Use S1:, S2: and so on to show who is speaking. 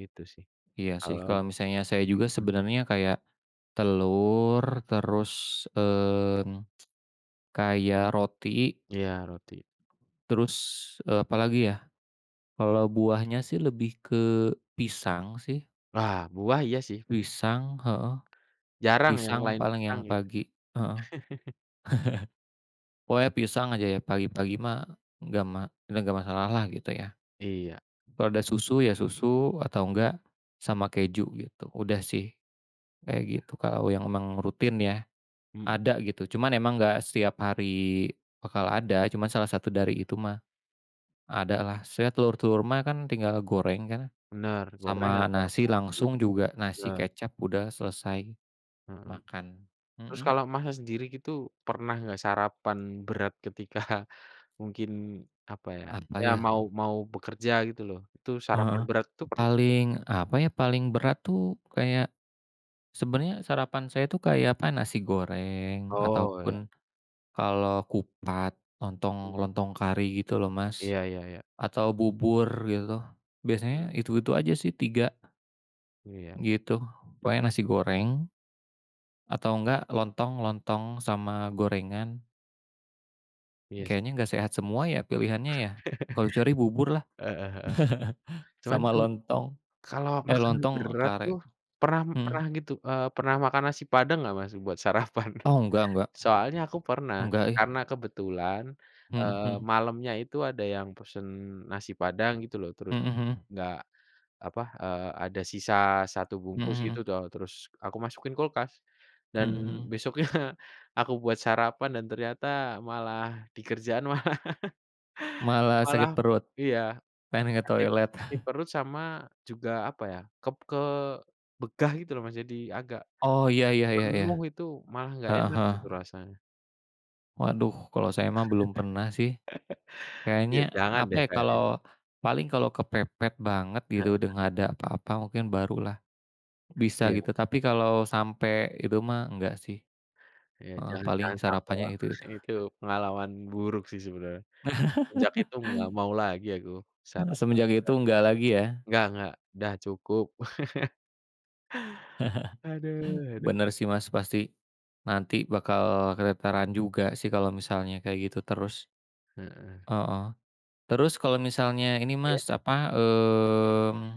S1: Gitu sih,
S2: Iya sih
S1: kalau
S2: kalau misalnya saya juga
S1: mmm.
S2: sebenarnya kayak, telur terus, mmm, kayak roti.
S1: Iya roti.
S2: Terus, eee, apalagi ya, kalau buahnya sih lebih ke pisang sih.
S1: Wah buah iya sih.
S2: Pisang, heeh,
S1: Jarang yang
S2: pisang
S1: lain
S2: paling yang
S1: pisang gitu.
S2: pagi, heeh, pokoknya pisang aja ya pagi-pagi mah nggak ma nggak masalah lah gitu ya,
S1: Iya.
S2: kalau ada susu ya susu atau enggak, sama keju gitu udah sih, kayak
S1: Iya.
S2: gitu kalau yang memang rutin ya,
S1: Mmm.
S2: ada gitu cuman emang nggak setiap hari bakal ada cuman salah satu
S1: Iya.
S2: dari itu mah, ada lah saya telur-telur mah tinggal goreng kan,
S1: Bener goreng
S2: sama
S1: atau
S2: nasi
S1: rebus gitu,
S2: langsung juga nasi
S1: bener.
S2: kecap udah selesai,
S1: Mmm,
S2: makan,
S1: terus
S2: mhm.
S1: kalau Masnya sendiri gitu pernah nggak sarapan berat ketika, mungkin apa ya,
S2: Apa
S1: ya
S2: ya.
S1: mau mau bekerja gitu loh itu sarapan
S2: Heeh,
S1: berat tuh pernah?
S2: paling apa ya paling berat tuh kayak, sebenarnya sarapan saya tuh kayak apa nasi goreng atau
S1: Oh iya.
S2: pun, kalau kupat lontong
S1: Mmm.
S2: lontong kari gitu loh Mas,
S1: Iya iya iya.
S2: atau bubur gitu
S1: Mmm.
S2: biasanya itu itu aja sih tiga.
S1: Iya.
S2: Gitu pokoknya nasi goreng. Atau enggak lontong lontong sama gorengan.
S1: Iya.
S2: Kayaknya enggak sehat semua ya pilihannya ya, kalau kecuali bubur lah,
S1: Heeh heeh, cuman
S2: sama
S1: kan,
S2: lontong,
S1: kalau
S2: eh,
S1: makan
S2: lontong
S1: berat
S2: kare,
S1: tuh, pernah
S2: mmm.
S1: pernah gitu, eee, pernah makan nasi padang gak Mas buat sarapan?
S2: Oh nggak nggak,
S1: Soalnya aku pernah
S2: nggak ih.
S1: karena kebetulan,
S2: Mhm
S1: eee,
S2: mhm.
S1: malamnya itu ada yang pesen nasi padang gitu loh terus,
S2: Mhm mhm.
S1: enggak apa, eee, ada sisa 1
S2: Mhm
S1: bungkus gitu
S2: mhm.
S1: toh terus aku masukin kulkas,
S2: Mhm
S1: dan
S2: mhm.
S1: besoknya, aku buat sarapan dan ternyata malah di kerjaan malah,
S2: Malah
S1: malah
S2: sakit perut,
S1: iya,
S2: pengen ke
S1: sakit
S2: toilet.
S1: sakit perut sama juga apa ya ke ke begah gitu loh Mas jadi agak,
S2: Oh ya ya ya ya ya,
S1: penuh itu malah nggak
S2: heeh
S1: enak itu
S2: heeh.
S1: rasanya.
S2: Waduh kalau saya mah belum pernah sih,
S1: Ya
S2: kayaknya
S1: jangan
S2: apa
S1: deh
S2: ya
S1: kayaknya.
S2: kalau paling kalau kepepet banget
S1: Heeh
S2: gitu udah
S1: heeh.
S2: nggak ada apa-apa mungkin barulah, bisa
S1: Iya.
S2: gitu tapi kalau sampai itu mah enggak sih,
S1: Iya
S2: heeh,
S1: jangan
S2: paling
S1: jangan sampai
S2: sarapannya
S1: wah
S2: itu itu.
S1: itu pengalaman buruk sih sebenarnya, semenjak itu nggak mau lagi aku sarapan berat,
S2: Semenjak itu enggak lagi ya?
S1: nggak nggak udah cukup. Haduh haduh.
S2: Bener sih Mas pasti, nanti bakal keteteran juga sih kalau misalnya kayak gitu terus,
S1: Heeh.
S2: heeh, terus kalau misalnya ini
S1: Iya.
S2: Mas apa mmm